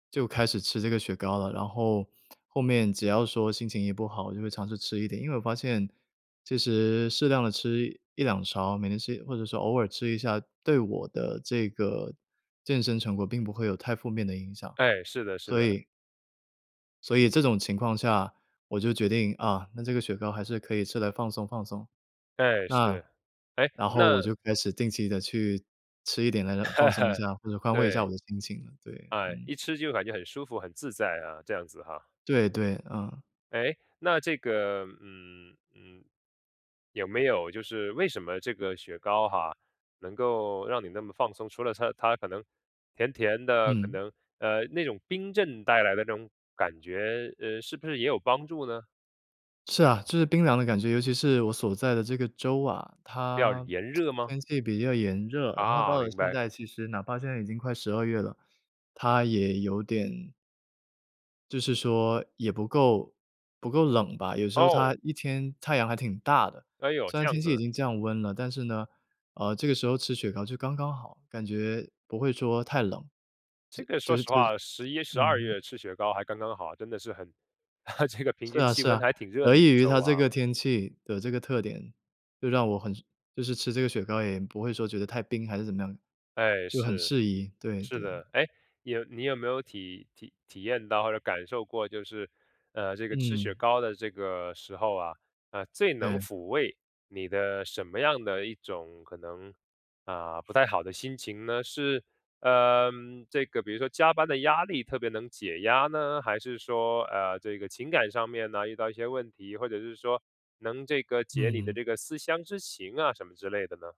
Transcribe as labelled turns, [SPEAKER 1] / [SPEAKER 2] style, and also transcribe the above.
[SPEAKER 1] 就开始吃这个雪糕了，然后后面只要说心情一不好，就会尝试吃一点，因为我发现其实适量地吃1，2勺，每天吃或者是偶尔吃一下，对我的这个健身成果并不会有太负面的影响，
[SPEAKER 2] 哎，是的是
[SPEAKER 1] 所
[SPEAKER 2] 的。
[SPEAKER 1] 以所以，这种情况下，我就决定，啊，那这个雪糕还是可以吃来放松放松。
[SPEAKER 2] 诶，
[SPEAKER 1] 那
[SPEAKER 2] 是。诶，
[SPEAKER 1] 然后我
[SPEAKER 2] 那
[SPEAKER 1] 就开始定期地去吃一点来放松一 下，或者宽慰一下
[SPEAKER 2] 对。
[SPEAKER 1] 我的心情，对。
[SPEAKER 2] 哎，
[SPEAKER 1] 嗯。
[SPEAKER 2] 一吃就感觉很舒服很自在啊，这样子哈。
[SPEAKER 1] 对对，嗯。
[SPEAKER 2] 诶，那这个嗯，嗯，有没有就是为什么这个雪糕哈，能够让你那么放松，除了它它可能甜甜的，可
[SPEAKER 1] 嗯。
[SPEAKER 2] 能，呃，那种冰镇带来的那种感觉，呃，是不是也有帮助呢？
[SPEAKER 1] 是啊，就是冰凉的感觉，尤其是我所在的这个州啊，
[SPEAKER 2] 比较
[SPEAKER 1] 它
[SPEAKER 2] 炎 热吗？
[SPEAKER 1] 天气比较炎热，然后
[SPEAKER 2] 啊，
[SPEAKER 1] 到了
[SPEAKER 2] 明
[SPEAKER 1] 现
[SPEAKER 2] 白。
[SPEAKER 1] 在，其实，哪怕现在已经快十二月了，它也有点就是说也不够不够冷吧，有时候
[SPEAKER 2] 哦。
[SPEAKER 1] 它一天太阳还挺大的。
[SPEAKER 2] 哎哟，
[SPEAKER 1] 虽然
[SPEAKER 2] 这样
[SPEAKER 1] 天气已
[SPEAKER 2] 子，
[SPEAKER 1] 经降温了，但是呢，呃，这个时候吃雪糕就刚刚好，感觉不会说太冷，就
[SPEAKER 2] 这个
[SPEAKER 1] 就
[SPEAKER 2] 说
[SPEAKER 1] 是
[SPEAKER 2] 实
[SPEAKER 1] 就是，
[SPEAKER 2] 话，
[SPEAKER 1] 就
[SPEAKER 2] 十一、十
[SPEAKER 1] 嗯
[SPEAKER 2] 二
[SPEAKER 1] 哼。
[SPEAKER 2] 月吃雪糕还刚刚好，真的是很 这个平
[SPEAKER 1] 是
[SPEAKER 2] 均
[SPEAKER 1] 啊
[SPEAKER 2] 气
[SPEAKER 1] 是
[SPEAKER 2] 温
[SPEAKER 1] 啊，
[SPEAKER 2] 还挺热
[SPEAKER 1] 得
[SPEAKER 2] 的一
[SPEAKER 1] 益
[SPEAKER 2] 个
[SPEAKER 1] 于
[SPEAKER 2] 州
[SPEAKER 1] 它
[SPEAKER 2] 啊。
[SPEAKER 1] 这个天气的这个特点，就让我很就是吃这个雪糕也不会说觉得太冰还是怎么样，
[SPEAKER 2] 哎，
[SPEAKER 1] 就很
[SPEAKER 2] 是，
[SPEAKER 1] 适宜，对
[SPEAKER 2] 是
[SPEAKER 1] 对。
[SPEAKER 2] 的。哎，你有你有没有体体体验到或者感受过就是，呃，这个吃雪
[SPEAKER 1] 嗯。
[SPEAKER 2] 糕的这个时候啊，呃，最能
[SPEAKER 1] 嗯。
[SPEAKER 2] 抚慰你的什么样的一种可能，啊，不太好的心情呢？是呃，这个比如说加班的压力特别能解压呢？还是说，呃，这个情感上面呢遇到一些问题，或者是说能这个解你的
[SPEAKER 1] 嗯。
[SPEAKER 2] 这个思乡之情啊什么之类的呢？